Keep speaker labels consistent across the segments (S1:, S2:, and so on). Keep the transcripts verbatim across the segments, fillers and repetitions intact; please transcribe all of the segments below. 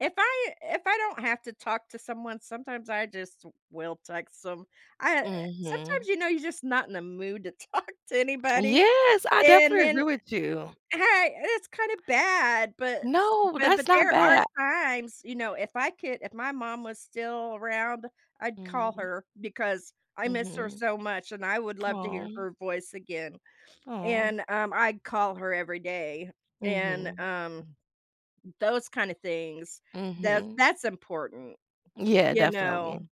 S1: If I if I don't have to talk to someone, sometimes I just will text 'em. I, uh, eh
S2: Mhm.
S1: sometimes you know you're just not in the mood to talk to anybody,
S2: Yes, I
S1: and
S2: definitely
S1: then e
S2: agree with you.
S1: a Hey, and it's kinda bad, but s
S2: No,
S1: but but
S2: that's not
S1: there are
S2: ba
S1: times, you know, if I could if my mom was still around, I'd call
S2: Mm.
S1: her because I miss her
S2: Mhm.
S1: so much and I would love to hear
S2: Aw.
S1: her voice again.
S2: Aw.
S1: And, um, I'd call her every day and,
S2: Mhm.
S1: um, those kinda things that
S2: Mhm.
S1: that's important,
S2: Yeah,
S1: you
S2: definitely.
S1: know?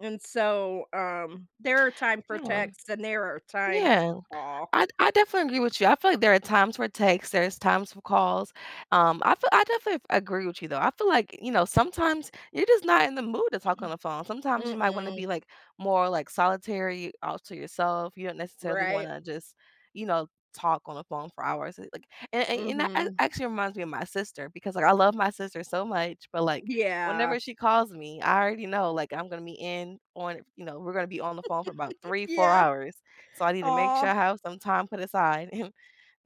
S1: And so, um, there are time for
S2: Yeah, um
S1: texts and there are time
S2: Yeah.
S1: to call.
S2: I d I definitely agree with you, I feel like there are times for texts, there is times for calls. Um, I feel I definitely f agree with you, though. I feel like, you know, sometimes you're just not in the mood to talk on the phone, sometimes you might wanna
S1: Mm-mm.
S2: be, like, more, like, solitary, all to yourself, you don't necessarily
S1: Right?
S2: wanna just, you know, talk on the phone for hours. Eh, like an and that a
S1: Mhm.
S2: actually reminds me of my sister because, like, I love my sister so much, but, like,
S1: Yeah.
S2: whenever she calls me, I already know, like, I'm gonna be in on you know, we're gonna be on the phone for about three, four
S1: Yeah.
S2: hours. So, I need to make
S1: Aw.
S2: sure I have some time put aside.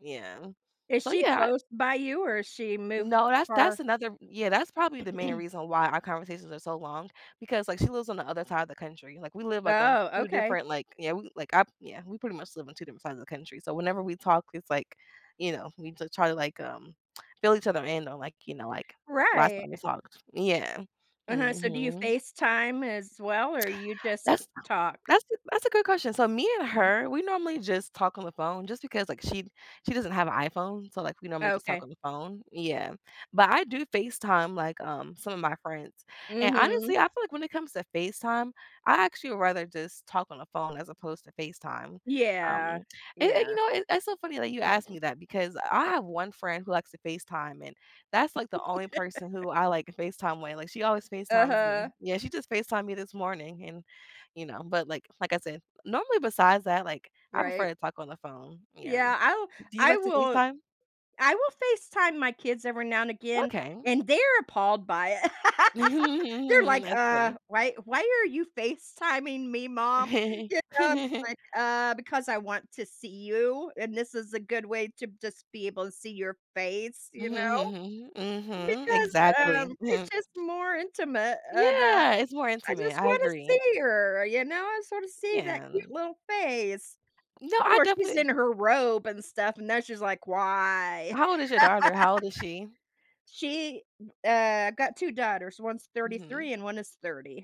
S2: Yeah.
S1: Is
S2: So,
S1: she
S2: yeah, I
S1: close by you or is she moved
S2: No, that's that's
S1: far?
S2: another Yeah, that's probably the main reason why our conversations are so long because, like, she lives on the other side of the country, like, we live, like, on
S1: Oh,
S2: two
S1: okay.
S2: different, like yeah, we, like, I Yeah, we pretty much live on two different sides of the country, so whenever we talk, it's like, you know, we just try to, like, um, fill each other in on, like, you know, like, last
S1: Right.
S2: time we talked. Yeah.
S1: Uh-huh, so do you
S2: Mhm.
S1: FaceTime as well or you just ca
S2: That's
S1: talk?
S2: that's a that's a good question. So, me and her, we normally just talk on the phone just because, like, she she doesn't have a iPhone, so, like, we normally just talk
S1: Okay.
S2: on the phone Yeah, but I do FaceTime, like, um, some of my friends. And,
S1: Mhm.
S2: honestly, I feel like when it comes to FaceTime, I actually would rather just talk on the phone as opposed to FaceTime. Um,
S1: Yeah.
S2: and and, you
S1: Yeah.
S2: know, it it's so funny that you asked me that because I have one friend who likes to FaceTime, and that's, like, the only person who I, like, FaceTime with, like, she always FaceTimes
S1: Uh-huh.
S2: me. Yeah, she just FaceTime'd me this morning and, you know. But, like like I said, normally, besides that, like, I prefer
S1: Right?
S2: to talk on the phone, yeah.
S1: Yeah, I will
S2: Do you
S1: I
S2: like to
S1: will
S2: FaceTime?
S1: I will FaceTime my kids every now and again,
S2: Okay.
S1: and they're appalled by it. They're like,
S2: That's
S1: "Uh,
S2: funny.
S1: why why are you FaceTiming me, mom?" You know, I'm just like, "Uh, because I want to see you and this is a good way to just be able see your face," you know?
S2: Mhm,
S1: Because, um,
S2: exactly.
S1: it's just more intimate and, uh,
S2: Yeah, it's more
S1: I
S2: intimate,
S1: just
S2: I
S1: wanna
S2: agree.
S1: see her, you know, I just wanna see that
S2: Yeah,
S1: cute
S2: an
S1: little face.
S2: No,
S1: Of
S2: I
S1: course, she's
S2: definitely
S1: in her robe and stuff, and now she's like, "Why?"
S2: How old is your daughter? How old is she?
S1: She, m uh, I've got two daughters, one's
S2: Mhm.
S1: thirty-three and one is thirty.